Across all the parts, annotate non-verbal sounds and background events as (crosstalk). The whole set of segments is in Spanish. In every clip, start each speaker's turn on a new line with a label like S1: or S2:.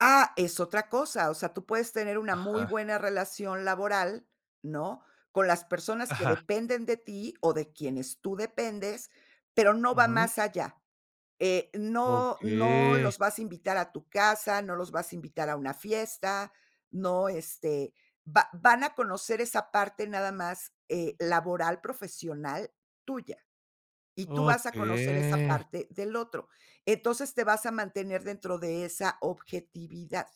S1: Ah, es otra cosa, o sea, tú puedes tener una muy
S2: Ajá.
S1: buena relación laboral, ¿no?, con las personas que
S2: Ajá.
S1: dependen de ti o de quienes tú dependes, pero no va
S2: Ujú.
S1: más allá, eh, no no
S2: Okey.
S1: los vas a invitar a tu casa, no los vas a invitar a una fiesta, no, este, va van a conocer esa parte nada más, eh, laboral, profesional tuya, y tú vas a conocer esa
S2: Okey.
S1: parte del otro. Entonces, te vas a mantener dentro de esa objetividad.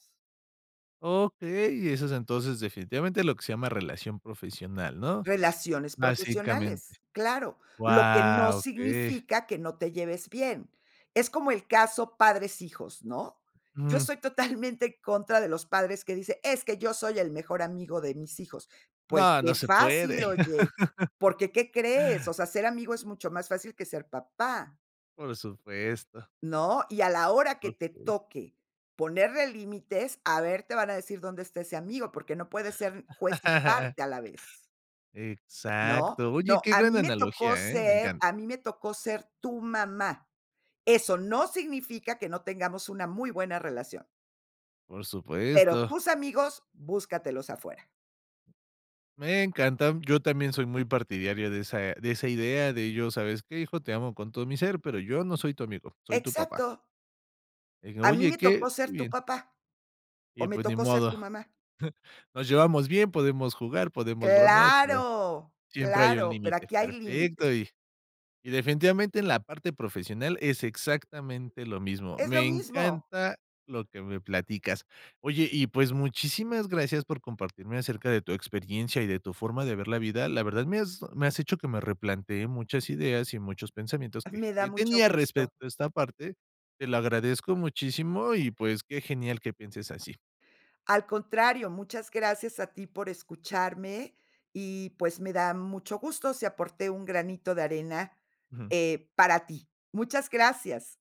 S2: Okey, eso es, entonces, definitivamente, lo que se llama relación profesional, ¿no?,
S1: Relaciones
S2: básicamente.
S1: profesionales, claro. Lo que no
S2: Guau, okey.
S1: significa que no te lleves bien. Es como el caso padres hijos, ¿no? Yo
S2: Mm.
S1: estoy totalmente en contra de los padres que dicen: "Es que yo soy el mejor amigo de mis hijos". Pues,
S2: No, no
S1: qué
S2: se
S1: fácil,
S2: puede.
S1: oye,
S2: (laughs)
S1: porque ¿qué crees? O sea, ser amigo es mucho más fácil que ser papá.
S2: Por supuesto.
S1: ¿No? Y a la hora que te
S2: Okey.
S1: toque ponerle límites, a ver, te van a decir: "¿Dónde está ese amigo". Porque no puede ser juez y
S2: (chuckles)
S1: parte a la vez. ¿No?
S2: Exacto. Oye,
S1: No,
S2: qué
S1: a
S2: gran
S1: mí me tocó
S2: analogía, eh, me
S1: ser
S2: encanta.
S1: a mí me tocó ser tu mamá. Eso no significa que no tengamos una muy buena relación.
S2: Por
S1: Pero
S2: supuesto.
S1: tus amigos búscatelos afuera.
S2: Me encanta, yo también soy muy partidario de esa de esa idea, de yo: "¿Sabes qué, hijo? Te amo con todo mi ser, pero yo no soy tu amigo, soy tu papá".
S1: Exacto.
S2: Eh,
S1: A mí
S2: oye,
S1: me
S2: qué
S1: tocó
S2: que
S1: ser tu
S2: bien.
S1: papá, o
S2: Y
S1: me
S2: pues, ni
S1: tocó ser
S2: modo.
S1: tu mamá.
S2: (chuckles) Nos llevamos bien, podemos jugar, podemos bromear, pero
S1: Claro,
S2: siempre hay un
S1: claro, pero
S2: límite.
S1: aquí hay límites.
S2: Perfecto y y definitivamente, en la parte profesional es exactamente lo mismo.
S1: Es lo
S2: Me
S1: mismo.
S2: encanta lo que me platicas. Oye, y, pues, muchísimas gracias por compartirme acerca de tu experiencia y de tu forma de ver la vida. La verdad, me has me has hecho que me replantee muchas ideas y muchos pensamientos que
S1: Me da
S2: que
S1: mucho
S2: tenía
S1: gusto.
S2: respecto a esta parte. Te lo agradezco muchísimo y, pues, qué genial que pienses así.
S1: Al contrario, muchas gracias a ti por escucharme y, pues, me da mucho gusto si aporté un granito de arena,
S2: Ujú.
S1: eh, para ti. Muchas gracias.